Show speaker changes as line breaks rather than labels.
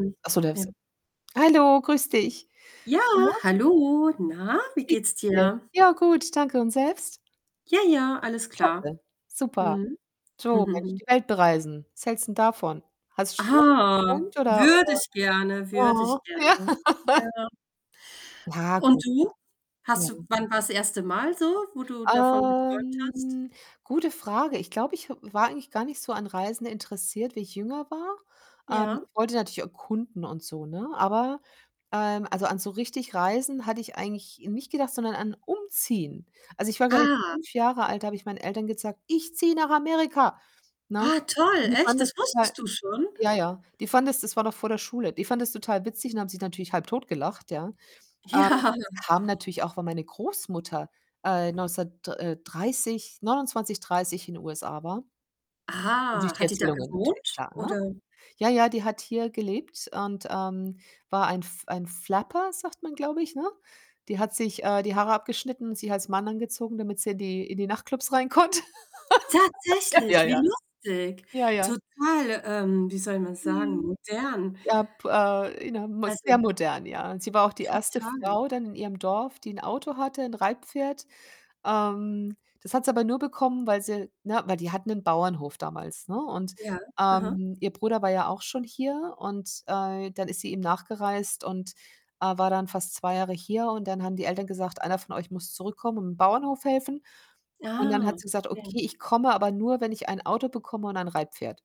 [unintelligible]
Ach so, der
Ja.
ist hallo, grüß dich.
Ja,
Na.
hallo. Na, wie
Wie geht's
geht's
dir?
dir?
Ja, gut, danke, und selbst?
Ja, ja, alles klar.
Klasse, super.
Mhm.
So, Mensch, die Welt bereisen. Was hältst 'n davon? Hast du,
Ah,
[unintelligible] oder
würde
oder?
ich gerne, würde
Aha,
ich gerne.
ja.
Ja. Und du?
[unintelligible]
Hast du
Mhm.
wann war das 1. Mal so, wo du davon geträumt hast?
Ähm, gute Frage. Ich glaube, ich w war eigentlich gar nicht so an Reisen interessiert, wie ich jünger war. Ähm,
Ja.
ich wollte natürlich erkunden und so, ne? Aber, ähm, also, an so richtig Reisen, hatte ich eigentlich nicht gedacht, sondern an umziehen. Also, ich war, glaube ich,
Ah.
5 Jahre alt, da habe ich meinen Eltern gesagt: „Ich ziehe nach Amerika.“ Ne?
Ah toll,
Die fanden
echt,
das
das
total
wusstest du schon?
ja, ja, die fanden das das war noch vor der Schule. Die fanden das total witzig und haben sich natürlich halbtot gelacht, ja? Ähm,
Ja.
das kam natürlich auch, weil meine Großmutter äh, neundzehnhundertd äh, 30, 29, 30, in USA war. Und durch
Ah,
die
hat die da
Erzählungen natürlich
gewohnt
klar, ne?
oder?
Ja, ja, die hat hier gelebt und, ähm, war ein F ein Flapper, sagt man, glaub ich, ne? Die hat sich äh, die Haare abgeschnitten und sich als Mann angezogen, damit sie in die in die Nachtclubs rein konnte. Ja, ja,
Tatsächlich,
ja.
wie lustig.
Ja, ja.
Total, ähm, wie soll man sagen,
Mhm.
modern.
Ja,, [unintelligible] sehr
Also
modern, ja. Und sie war auch die erste
total.
Frau dann in ihrem Dorf, die 'n Auto hatte, 'n Reitpferd. Ähm, das hat sie aber nur bekommen, weil sie, ne weil die hatten 'nen Bauernhof damals, ne, und,
Ja, aha.
ähm, ihr Bruder war ja auch schon hier und äh, dann ist sie ihm nachgereist und, äh, war dann fast 2 Jahre hier und dann haben die Eltern gesagt: „Einer von euch muss zurückkommen und im Bauernhof helfen.“ Und dann
Ah,
hat sie gesagt:
okay.
„Okay, ich komme, aber nur, wenn ich ein Auto bekomme und ein Reitpferd.“